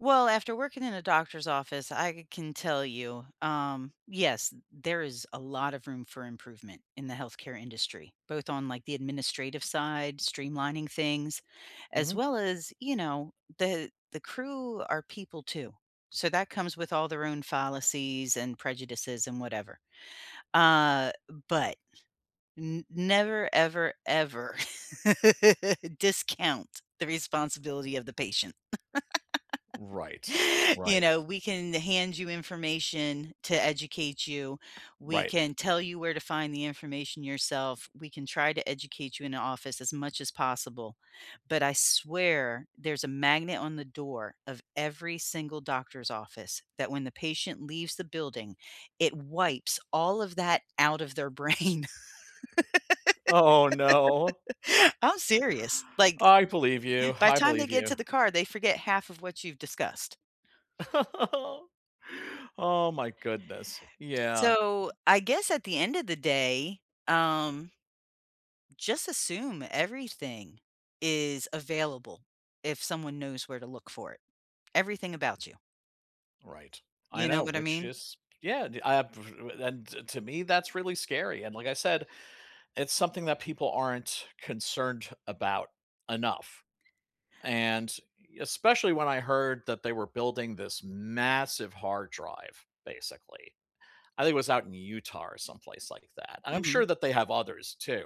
Well, after working in a doctor's office, I can tell you, um, yes, t there is a lot of room for improvement in the health care industry, both on, like, the administrative side, streamlining things, as Mhm. well as, you know, the the crew are people too. So, that comes with all their own fallacies and prejudices and whatever, uh, but, n never ever, ever discount the responsibility of the patient. Right. You Right. know, we can hand you information to educate you. We Right. can tell you where to find the information yourself. We can try to educate you in the office as much as possible, but I swear there's a magnet on the door of every single doctor's office that when the patient leaves the building, it wipes all of that out of their brain. Oh, no. I'm serious. Like, I believe you. by I the time they believe get you. to the car, they forget half of what you've discussed. Oh, oh my goodness. Yeah. So, I guess at the end of the day, um, just, assume everything is available if someone knows where to look for it, everything about you. Right. I You know know, what I which mean? is, yeah, d I have p and to to me that's really scary, and, like I said, it's something that people aren't concerned about enough, and I especially when I heard that they were building this massive hard drive, basically. I think it was out in Utah or someplace like that, and I'm sure Mhm. that they have others too,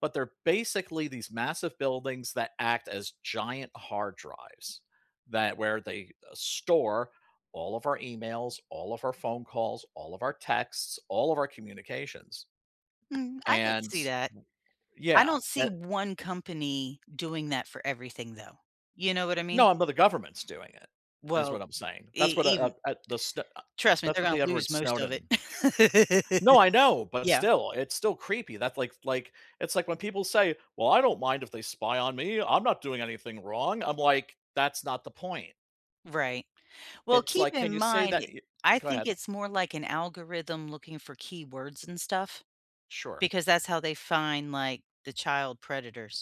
but they're basically these massive buildings that act as giant hard drives that where they store all of our emails, all of our phone calls, all of our texts, all of our communications, Mm, I could and see that. I yeah. don't E see one company doing that for everything, though, you know what I mean? No, but the government's doing it. That's what Well, I'm saying. That's e what, uh even uh, the Sn uh, trust me. that's They're what gonna Edward lose most of Snowden. it. No, I know but Yeah. still it's still creepy, thats, like like, it's, like, when people say, "Well, I don't mind if they spy on me. I'm not doing anything wrong." I'm, like, "That's not the point." Right. Well, It's, keep like, "Can in you say that mind, y" I go think ahead. it's more, like, an algorithm looking for keywords and stuff Sure. because that's how they find, like, the child predators.